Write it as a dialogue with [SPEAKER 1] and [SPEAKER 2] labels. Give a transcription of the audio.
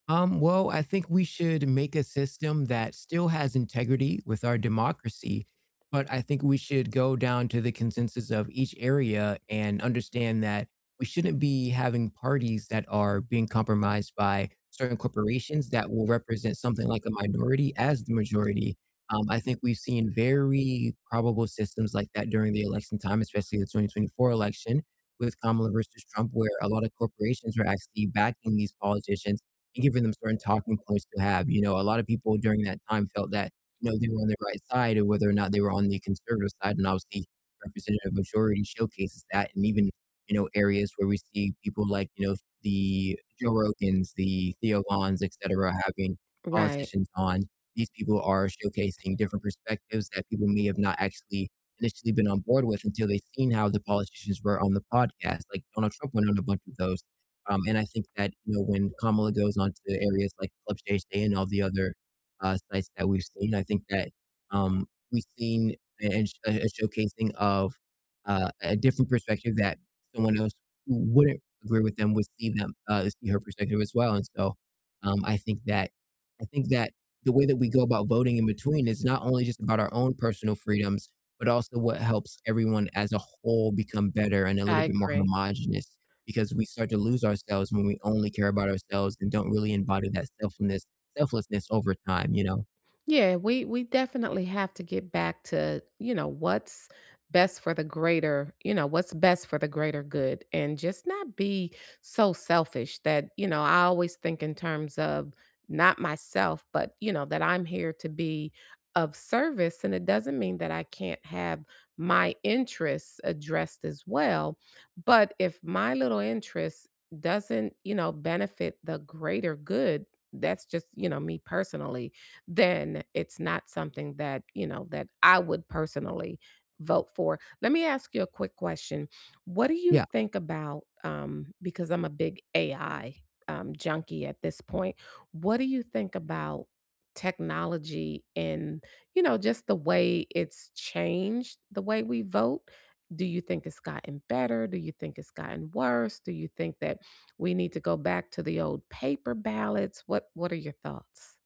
[SPEAKER 1] Um, well, I think we should make a system that still has integrity with our democracy, but I think we should go down to the consensus of each area, and understand that we shouldn't be having parties that are being compromised by certain corporations that will represent something like a minority as the majority, um, I think we've seen very probable systems like that during the election time, especially the 2024 election, with Kamala versus Trump, where a lotta corporations are actually backing these politicians, and giving them certain talking points to have, you know, a lot of people during that time felt that, you know, they were on the right side or whether or not they were on the conservative side, and obviously, Representative Majority showcases that, and even, you know, areas where we see people, like, you know, the Joe Rogans, the Theo Vons, etcetera, having
[SPEAKER 2] Right.
[SPEAKER 1] politicians on, these people are showcasing different perspectives that people may have not actually initially been on board with until they've seen how the politicians were on the podcast. Like, Donald Trump went on a bunch of those, um, and I think that, you know, when Kamala goes on to areas like Club Shay Shay and, all the other, uh, sites that we've seen, I think that, um, we've seen a a sh a showcasing of, uh, a different perspective that someone else who wouldn't agree with them would see them uh, see her perspective as well. And so, um, I think that I think that the way that we go about voting in between is not only just about our own personal freedoms, but also what helps everyone as a whole become better, and a
[SPEAKER 2] I
[SPEAKER 1] little bit more
[SPEAKER 2] agree.
[SPEAKER 1] homogenous, because we start to lose ourselves when we only care about ourselves, and don't really embody that selfness- selflessness over time, you know.
[SPEAKER 2] Yeah, we we definitely have to get back to, you know, what's best for the greater you know, what's best for the greater good, and just not be so selfish that you know, I always think in terms of not myself, but, you know, that I'm here to be of service, and it doesn't mean that I can't have my interests addressed as well, but if my little interest doesn't, you know, benefit the greater good, that's just you know, me personally, then it's not something that, you know, that I would personally vote for. Let me ask you a quick question, what do you
[SPEAKER 1] Yeah.
[SPEAKER 2] think about, um because I'm a big AI, um, junkie at this point, what do you think about technology and, you know, just the way it's changed the way we vote? Do you think it's gotten better, do you think it's gotten worse, do you think that we need to go back to the old paper ballots? What what are your thoughts?